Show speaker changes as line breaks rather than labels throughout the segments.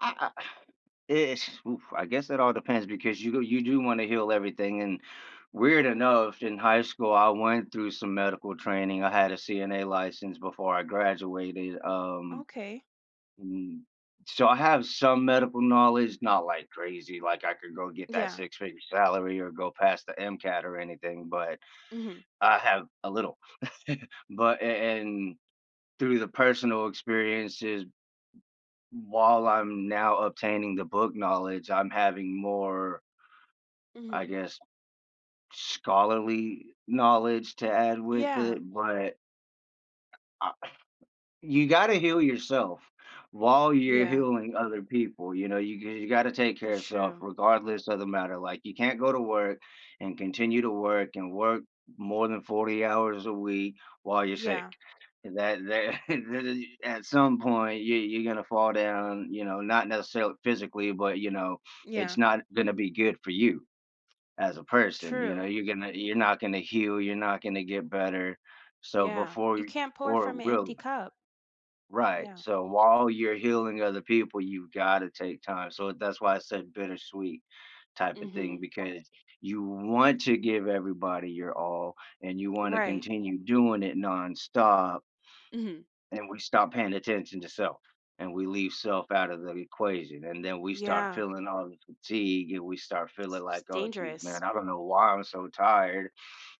I I ish whoo I guess it all depends, because you go you do wanna heal everything, and weird enough in high school, I went through some medical training. I had a CNA license before I graduated, um,
Okay.
mm, so, I have some medical knowledge not like crazy, like, I could go get that
Yeah.
six-figure salary or go past the MCAT or anything, but
Mhm.
I have a little. But a and through the personal experiences, while I'm now obtaining the book knowledge, I'm having more I
Mhm.
guess, scholarly knowledge to add with
Yeah.
it, but Ah you gotta heal yourself while you're
Yeah.
healing other people, you know? You you gotta take care
That's
of yourself
true.
regardless of the matter. Like, you can't go to work and continue to work and work more than 40 hours a week while you're sick.
Yeah.
That that that is at some point, you you're gonna fall down, you know, not necessarily physically, but, you know, it's
Yeah.
not gonna be good for you as a person, you know?
True.
You're gonna you're not gonna heal. You're not gonna get better. So,
Yeah.
before
You
y
can't pour
or
from an empty
really
cup.
Right.
Yeah.
So while you're healing other people, you've gotta take time. So that's why I said bittersweet type of thing
Right.
because you want to give everybody your all, and you wanna
Right.
continue doing it nonstop
Mhm.
and we stop paying attention to self, and we leave self out of the equation, and then we start
Yeah.
feeling all the fatigue, and we start feeling
S
like, "Oh, jeez,
dangerous.
man. I don't know why I'm so tired."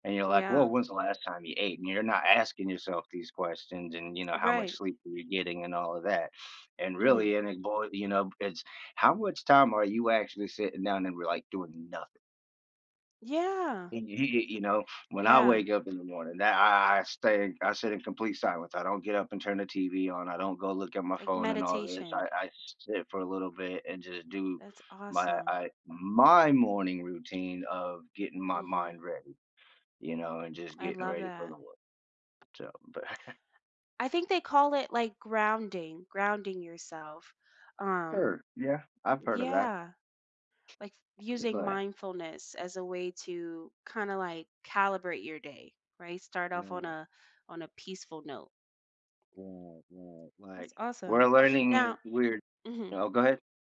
And you're like,
Yeah.
"Woah. When's the last time you ate?" You're not asking yourself these questions and, you know, "How much
Right.
sleep were you getting," and all of that, and
Mhm.
really and it boy, you know, it's how much time are you actually sitting down and were, like, doing nothing?
Yeah.
Y y you know, when I
Yeah.
wake up in the morning that I I stay I sit in complete silence. I don't get up and turn the TV on, I don't go look at my
Like
phone and all this.
meditation.
I I sit for a little bit and just do
That's
my
awesome.
I my morning routine of getting my
Mhm.
mind ready, you know, and just
I
getting
love
ready for the
that.
world. So but
I think they call it like grounding. Grounding yourself. Um
Sure. Yeah, I've heard of that.
yeah. Like
D
using
but
mindfulness as a way to kinda like calibrate your day, right? Start off on
Right.
a on a peaceful note.
Right, right.
That's
Like,
awesome.
we're
Now
learning weird
mhm.
no, go head.